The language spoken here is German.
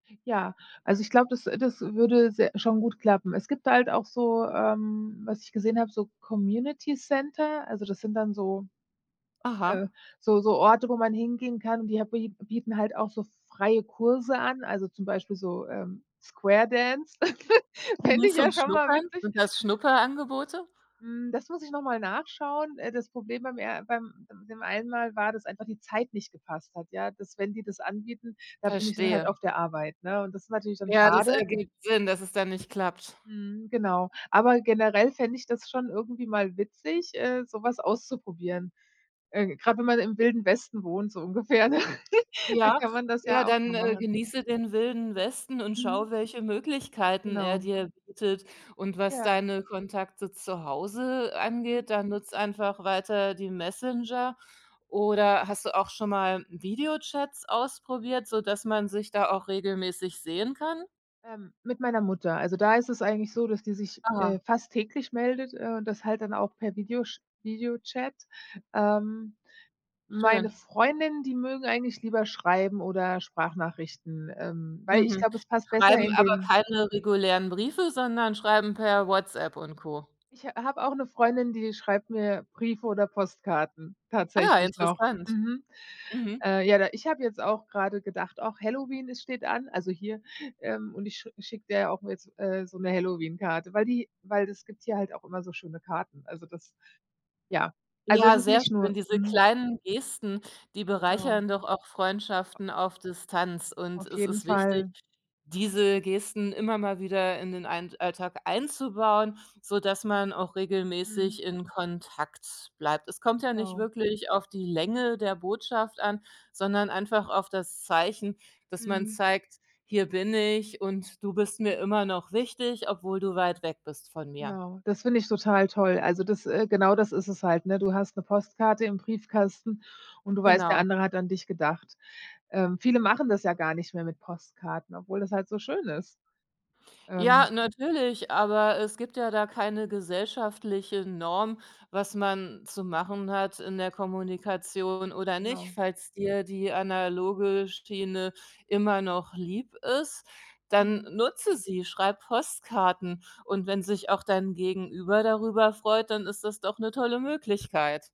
Ja, also, ich glaube, das äh, das würde se schon gut klappen. Es gibt halt auch so ähm, was ich gesehen habe, so Community Center, also, das sind dann so äh, Aha. so so Orte, wo man hingehen kann, die ha bie bieten halt auch so freie Kurse an, also, zum Beispiel so, ähm, Squaredance. Fände Nur ich zum ja schon mal Schnuppern? witzig. Sind das Schnupperangebote? Hm, das muss ich noch mal nachschauen. Äh, das Problem beim er beim dem einen Mal war, dass einfach die Zeit nicht gepasst hat, ja. Dass, wenn die das anbieten, da bin ich dann halt Verstehe. auf der Arbeit, ne? Und das natürlich dann Ja, das schade. ergibt Sinn, dass es dann nicht klappt. Mhm, genau. Aber generell fände ich das schon irgendwie mal witzig, äh, sowas auszuprobieren. Äh, grad wenn man im Wilden Westen wohnt, so ungefähr, ne? Da Ja, kann man das ja, ja auch mal dann, äh, machen. genieße den Wilden Westen und Mhm. schaue, welche Möglichkeiten er Genau. dir bietet. Und was Ja. deine Kontakte zu Hause Mhm. angeht, da nutze einfach weiter die Messenger. Oder hast du auch schon mal Videochats ausprobiert, sodass man sich da auch regelmäßig sehen kann? Ähm, mit meiner Mutter. Also, da ist es eigentlich so, dass die sich, Aha. äh, fast täglich meldet, äh, und das halt dann auch per Video sch Videochat. Ähm, meine Schön. Freundinnen, die mögen eigentlich lieber schreiben oder Sprachnachrichten, ähm, weil, ich Mhm, glaube, es passt besser schreiben in aber den keine regulären Briefe, sondern schreiben per WhatsApp und Co. Ich ha habe auch 'ne Freundin, die schreibt mir Briefe oder Postkarten, Ah, tatsächlich noch. interessant. Mhm, Mhm. äh, ja, da ich habe jetzt auch grade gedacht: „Och Halloween, es steht an.“ Also, hier, ähm, und ich sch schicke der auch jetzt, äh, so 'ne Halloween-Karte, weil die weil das gibt hier halt auch immer so schöne Karten. Also, das, ja also, es Ja, ist sehr nicht nur schön. Diese mhm. kleinen Gesten, die Ja. bereichern doch auch Freundschaften auf Distanz. Und Auf es jeden ist wichtig, Fall. diese Gesten immer mal wieder in den ein Alltag einzubauen, sodass man auch Mhm. regelmäßig in Kontakt bleibt. Es kommt ja nicht Genau. wirklich auf die Länge der Botschaft an, sondern einfach auf das Zeichen, dass man Mhm. zeigt: „Hier bin ich und du bist mir immer noch wichtig, obwohl du weit weg bist von mir.“ Genau, das finde ich total toll. Also, das äh, genau das ist es halt, ne? Du hast 'ne Postkarte im Briefkasten und du weißt, der Genau. andere hat an dich gedacht. Ähm, viele machen das ja gar nicht mehr mit Postkarten, obwohl das halt so schön ist. Ähm Ja, natürlich, aber es gibt ja da keine gesellschaftliche Norm, was man zu machen hat in der Kommunikation oder nicht. Genau. Falls dir die analoge Schiene immer noch lieb ist, dann Mhm. nutze sie, schreib Postkarten. Und wenn sich auch dein Gegenüber darüber freut, dann ist das doch 'ne tolle Möglichkeit.